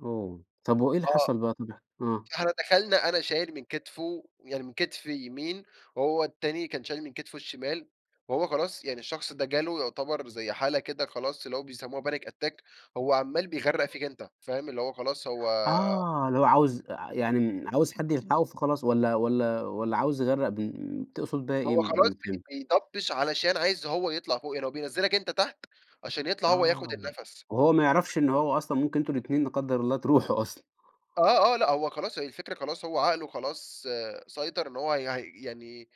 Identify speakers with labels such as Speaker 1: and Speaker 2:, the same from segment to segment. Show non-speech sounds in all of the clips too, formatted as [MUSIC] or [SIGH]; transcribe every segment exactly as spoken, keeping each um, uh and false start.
Speaker 1: أوه، طب و إيه اللي
Speaker 2: آه،
Speaker 1: حصل بقي؟ طب اح آه.
Speaker 2: إحنا دخلنا، أنا شايل من كتفُه، يعني من كتف يمين، وهو التاني كان شايل من كتفُه الشمال، وهو خلاص يعني الشخص ده جاله يعتبر زي حالة كده خلاص اللي هو بيسموها Panic Attack، هو عمال بيغرّق فيك أنت فاهم؟ اللي هو خلاص هو
Speaker 1: آه، اللي هو عاوز آآ يعني عاوز حد يلحقه، فخلاص والّا والّا والّا عاوز يغرَّق بال تقصُد بيها إيه؟
Speaker 2: هو خلاص
Speaker 1: ما فهمت
Speaker 2: بي بيضبش؛ علشان عايز هو يطلع فوقي، لو بينزّلك أنت تحت؛ عشان يطلع هو ياخد
Speaker 1: آه،
Speaker 2: النفس.
Speaker 1: وهو ما يعرفش إن هو أصلًا ممكن أنتم الاتنين لا قدر الله تروحوا أصلًا
Speaker 2: آه، آه لأ، هو خلاص هي الفكرة خلاص، هو عقله خلاص سيطر إن هو يع يعني،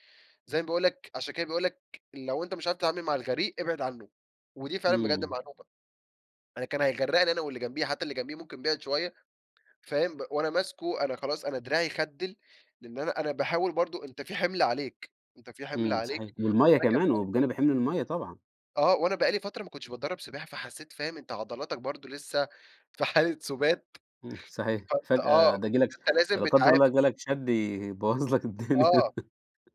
Speaker 2: زي ما باقول لك؛ عشان كده بيقول لك: "لو أنت مش عارف تتعامل مع الغريق، ابعد عنه"، ودي فعلًا بجد
Speaker 1: إمم.
Speaker 2: معلومة أنا كان هيغرّقني أنا واللي جمبيه، حتى اللي جمبيه ممكن بِعِد شوية، فاهم؟ وأنا ماسكه، أنا خلاص أنا دراعي خدِّل؛ لأن أنا أنا باحاول برضه، أنت في حمل عليك، أنت في حمل
Speaker 1: إمم، صحيح
Speaker 2: عليك،
Speaker 1: والمَيَّة
Speaker 2: وأنا كان
Speaker 1: كمان،
Speaker 2: بقا
Speaker 1: وبجانب حِمل المَيَّة طبعًا.
Speaker 2: آه، وأنا بقى لي فترة ما كُنتش باتدرب سباحة، فحسيت فاهم أنت عضلاتك برضه لسه في حالة سُبات،
Speaker 1: إمم، صحيح
Speaker 2: فأنت
Speaker 1: فجأة
Speaker 2: آه،
Speaker 1: ده ييجي لك
Speaker 2: أنت لازم
Speaker 1: فلا قدر الله
Speaker 2: بتعافر.
Speaker 1: جالك شد يبوّظ لك الدنيا،
Speaker 2: آه،
Speaker 1: [LAUGHS]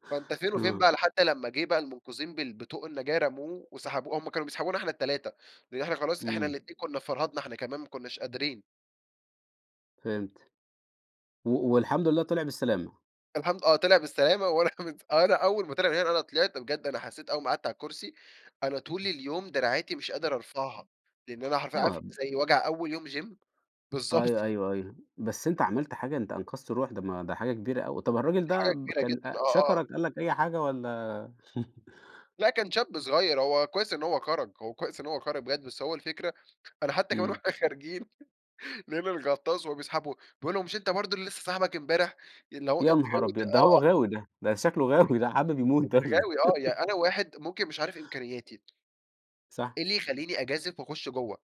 Speaker 2: فأنت فين وفين
Speaker 1: آه.
Speaker 2: بقى، لحد لّما جيه بقى المُنقذين بال بطوق النجاة رموه وسحبوا، هم كانوا بيسحبونا إحنا التلاتة؛ لأن إحنا خلاص إحنا
Speaker 1: إمم.
Speaker 2: الاتنين كنا فرهدنا إحنا كمان، ما كُناش قادرين.
Speaker 1: فهمت، و والحمد لله طلع بالسلامة.
Speaker 2: الحمد آه، طلع بالسلامة وأنا مت أنا أول ما طلع من هنا، أنا طلعت بجد، أنا حسيت أول ما قعدت على الكرسي، أنا طول
Speaker 1: امم
Speaker 2: اليوم دراعاتي مش قادر أرفعها؛ لإن أنا حرفيًا عارف
Speaker 1: آه.
Speaker 2: زي وجع أول يوم جيم؟
Speaker 1: أيوة،
Speaker 2: بالضبط.
Speaker 1: أيوة، أيوة، بس أنت عملت حاجة، أنت أنقذت روح، ده ما ده حاجة كبيرة أوي. طب
Speaker 2: دي
Speaker 1: الراجل ده
Speaker 2: حاجة
Speaker 1: ب
Speaker 2: كبيرة
Speaker 1: كان
Speaker 2: جدًا،
Speaker 1: أ
Speaker 2: آه، آه.
Speaker 1: شكرك، قال لك أي حاجة والّا؟ [CHUCKLES]
Speaker 2: لأ، كان شاب صغير، هو كويس إن هو خرج، هو كويس إن هو خرج بجد، بس هو الفكرة، أنا حتى كمان
Speaker 1: إمم.
Speaker 2: واحنا خارجين [CHUCKLES] لقينا الغطاس وهو بيسحبه بيقول له: "مش أنتَ برضه اللي لسه ساحبك أمبارح؟" اللي هو
Speaker 1: يا
Speaker 2: أنت
Speaker 1: نهار
Speaker 2: غاوي ت
Speaker 1: أبيض، ده هو
Speaker 2: آه، آه.
Speaker 1: غاوي ده، ده شكله غاوي ده، حابب يموت ده
Speaker 2: أنت
Speaker 1: والّا إيه؟
Speaker 2: غاوي آه، يعني أنا
Speaker 1: [LAUGHS]
Speaker 2: واحد ممكن مش عارف إمكانياتي. [TSK]
Speaker 1: صح.
Speaker 2: إيه اللي يخليني أجازف وأخُش جوه؟